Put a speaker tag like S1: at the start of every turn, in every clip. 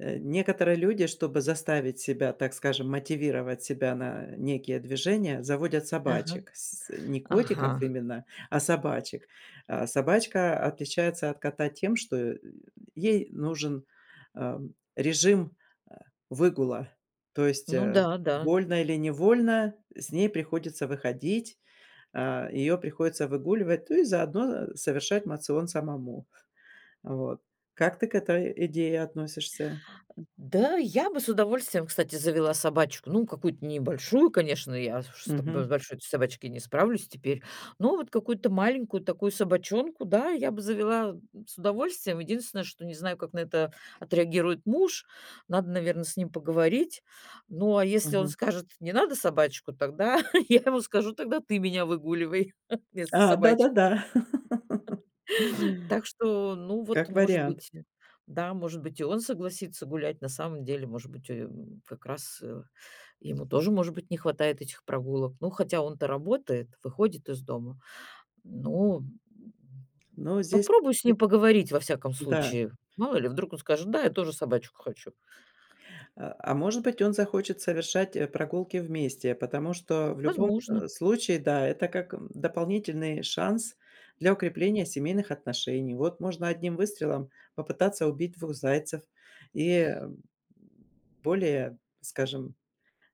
S1: Э, некоторые люди, чтобы заставить себя, так скажем, мотивировать себя на некие движения, заводят
S2: Ага,
S1: собачек, с с не котиков
S2: ага.
S1: именно, а собачек. А собачка отличается от кота тем, что, э, ей нужен, ам, режим, а, выгула, то есть,
S2: Ну
S1: а,
S2: да, да.
S1: вольно или невольно, э, с ней приходится выходить, а, ее приходится выгуливать, ну и заодно, а, совершать моцион самому. А вот. Как ты к этой идее относишься?
S2: Н-да, я бы с удовольствием, кстати, завела собачку. Ну, какую-то небольшую, конечно, я с уж, чтобы с
S1: Мгм.
S2: большой-то собачкой не справлюсь теперь. Но вот какую-то маленькую такую собачонку, да, я бы завела, м, с удовольствием. Единственное, что не знаю, как на это отреагирует муж, надо, наверно, с ним поговорить. Ну, а если он
S1: Мгм.
S2: скажет: "Не надо собачку"- тогда я ему скажу: "Тогда ты меня выгуливай вместо
S1: А,
S2: собачки".
S1: да-да-да.
S2: Так что, ну, вот,
S1: Как
S2: может
S1: вариант.
S2: быть, и да, может быть, и он согласится гулять. На самом деле, может быть, о ё, м, м, как раз, э, ему тоже, может быть, не хватает этих прогулок. Ну, хотя он-то работает, выходит из дома. Ну, м.
S1: Ну, здесь
S2: Попробую с
S1: вы,
S2: ним поговорить, во всяком
S1: н-да.
S2: случае. Мало ли, вдруг он скажет: "Да, я тоже собачку хочу".
S1: А а, может быть, он захочет совершать, э, прогулки вместе, потому что в любом, э,
S2: Возможно.
S1: случае, да, это как, эм, дополнительный шанс для укрепления семейных отношений. Вот можно одним выстрелом попытаться убить 2 зайцев и, эм, более, скажем,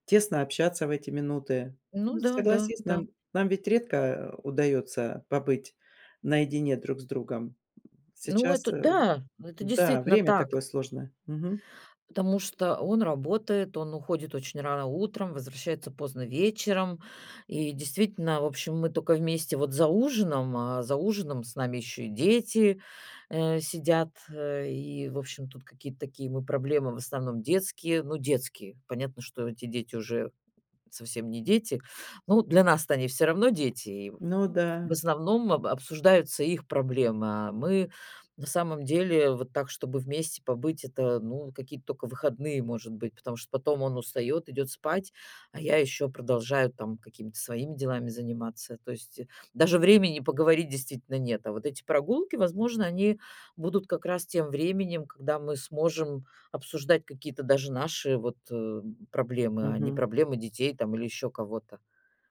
S1: тесно общаться в эти минуты.
S2: Ну
S1: Ну,
S2: да, да,
S1: согласись,
S2: да.
S1: нам нам ведь редко, а, удаётся побыть наедине друг с другом. М,
S2: Ну,
S1: сейчас,
S2: это
S1: эм
S2: да, это
S1: н-да,
S2: действительно
S1: время
S2: так.
S1: такое сложное. Мгм.
S2: Потому что он работает, он уходит очень рано утром, возвращается поздно вечером. И действительно, в общем, мы тока вместе вот за ужином, а за ужином с нами ещё и дети, э, сидят, э, и, в общем, тут какие-то такие мы проблемы в основном детские, ну, детские Понятно, что эти дети уже совсем не дети. Ну, для нас-то они всё равно дети, и в
S1: Ну
S2: в
S1: да.
S2: основном об обсуждаются их проблемы. А мы, на самом деле, вот так, чтобы вместе побыть, это, ну, какие-то тока выходные, может быть, потому что потом он устаёт, идёт спать, а я ещё продолжаю там какими-то своими делами заниматься. То есть, э, даже времени поговорить действительно нет, а вот эти прогулки, возможно, они будут как раз тем временем, когда мы сможем обсуждать какие-то даже наши вот, э, м, проблемы, а не
S1: Мгм.
S2: проблемы детей, там, или ещё кого-то.